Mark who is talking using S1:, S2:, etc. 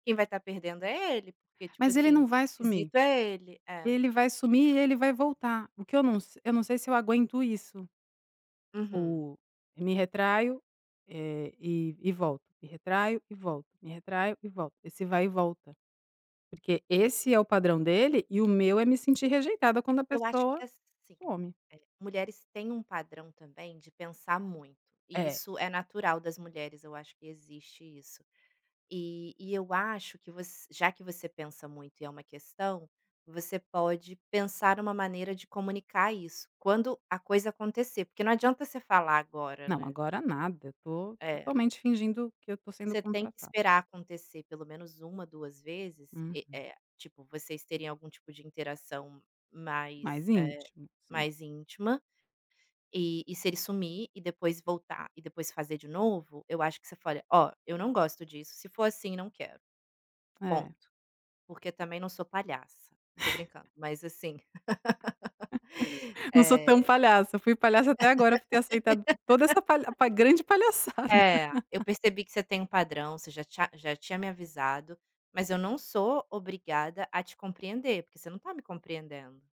S1: Quem vai tá perdendo é ele, porque, tipo
S2: Mas ele não
S1: assim,
S2: vai sumir.
S1: quesito é ele é.
S2: Ele vai sumir e ele vai voltar, o que eu num s eu não sei se eu aguento isso.
S1: Uhum.
S2: O e me retraio, eh, e e volto, me retraio e volto, me retraio e volto, esse vai e volta. Porque esse é o padrão dele, e o meu é me sentir rejeitada quando a
S1: Eu acho
S2: pessoa
S1: que, assim,
S2: some.
S1: eh, mulheres têm um padrão também de pensar muito, e
S2: É.
S1: isso é natural das mulheres, eu acho que existe isso. E e eu acho que voc já que você pensa muito e é uma questão, você pode pensar uma maneira de comunicar isso quando a coisa acontecer, porque não adianta você falar agora,
S2: Não,
S1: né.
S2: agora nada, eu tô
S1: É.
S2: totalmente fingindo que eu tô sendo
S1: Você tem que
S2: contratada.
S1: esperar acontecer pelo menos 1, 2 vezes e
S2: Uhum.
S1: eh, tipo, vocês terem algum tipo de interação
S2: Mais
S1: mais, eh,
S2: íntimo, sim.
S1: mais íntima. E e se ele sumir e depois voltar, e depois fazer de novo, eu acho que você faria: "Oh, eu não gosto disso. Se for assim não quero,
S2: É.
S1: ponto. Porque também não sou palhaça". Tô brincando, mas, assim,
S2: Não sou tão
S1: eh
S2: palhaça, eu fui palhaça até agora por ter aceitado toda essa palha pa grande palhaçada.
S1: "É, eu percebi que você tem um padrão, você já tinh já tinha me avisado, mas eu não sou obrigada a te compreender, porque você não tá me compreendendo".